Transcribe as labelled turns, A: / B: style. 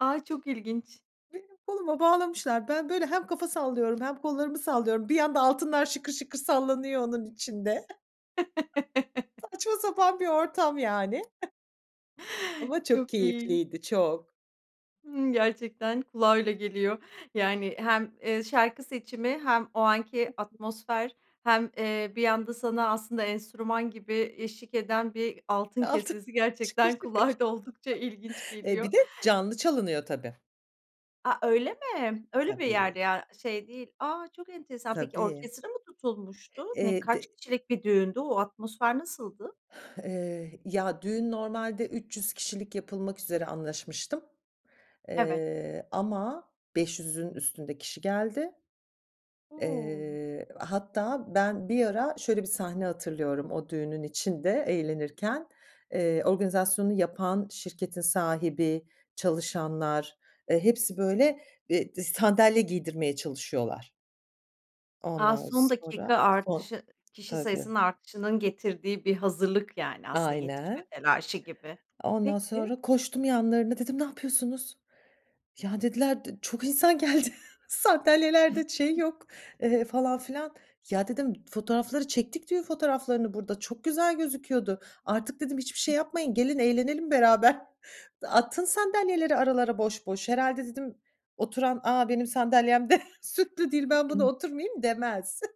A: A, çok ilginç.
B: Benim koluma bağlamışlar. Ben böyle hem kafa sallıyorum hem kollarımı sallıyorum. Bir yanda altınlar şıkır şıkır sallanıyor onun içinde. Saçma sapan bir ortam, yani. Ama çok
A: Çok iyi.
B: keyifliydi. Çok.
A: Imm, gerçekten kulağa öyle geliyor. Yani, hem, eee, şarkı seçimi hem o anki
B: [unintelligible]
A: atmosfer hem, eee, bir anda sana aslında enstrüman gibi eşlik eden bir altın
B: Altın.
A: kesesi
B: Şıkır
A: gerçekten
B: şıkır.
A: kulağa da oldukça ilginç
B: Eee,
A: geliyor.
B: bir de canlı çalınıyor, tabii.
A: A, öyle mi? Öyle bir
B: Tabii.
A: yerde ya, şey değil. A, çok enteresan. Peki
B: Tabii.
A: orkestra mı tutulmuştu? Ne
B: Eee,
A: kaç
B: te
A: kişilik bir düğündü? O atmosfer nasıldı?
B: Eee, ya düğün normalde 300 kişilik yapılmak üzere anlaşmıştım.
A: Evet.
B: Eee, ama 500'ün üstünde kişi geldi.
A: O!
B: Eee, hatta ben bir ara şöyle bir sahne hatırlıyorum, o düğünün içinde eğlenirken. Eee, organizasyonu yapan şirketin sahibi, çalışanlar, eee, hepsi böyle, eee, d sandalye giydirmeye çalışıyorlar.
A: A,
B: Ondan
A: son dakika
B: sonra, son
A: artışı. I kişi
B: Tabii.
A: sayısının artışının getirdiği bir hazırlık yani, aslında yetişme
B: Aynen.
A: telaşı gibi.
B: Ondan
A: Peki.
B: sonra koştum yanlarına, dedim, "Ne yapıyorsunuz?" Ya, dediler, "d çok insan geldi, sandalyelerde şey yok, eee, falan filan." Ya, dedim, "Fotoğrafları çektik düğün fotoğraflarını burada, çok güzel gözüküyordu." Artık dedim, "Hiçbir şey yapmayın, gelin eğlenelim beraber. Atın sandalyeleri aralara boş boş." Herhâlde dedim, oturan "A, benim sandalyem de süslü değil, ben buna
A: [unintelligible]
B: oturmayayım." demez.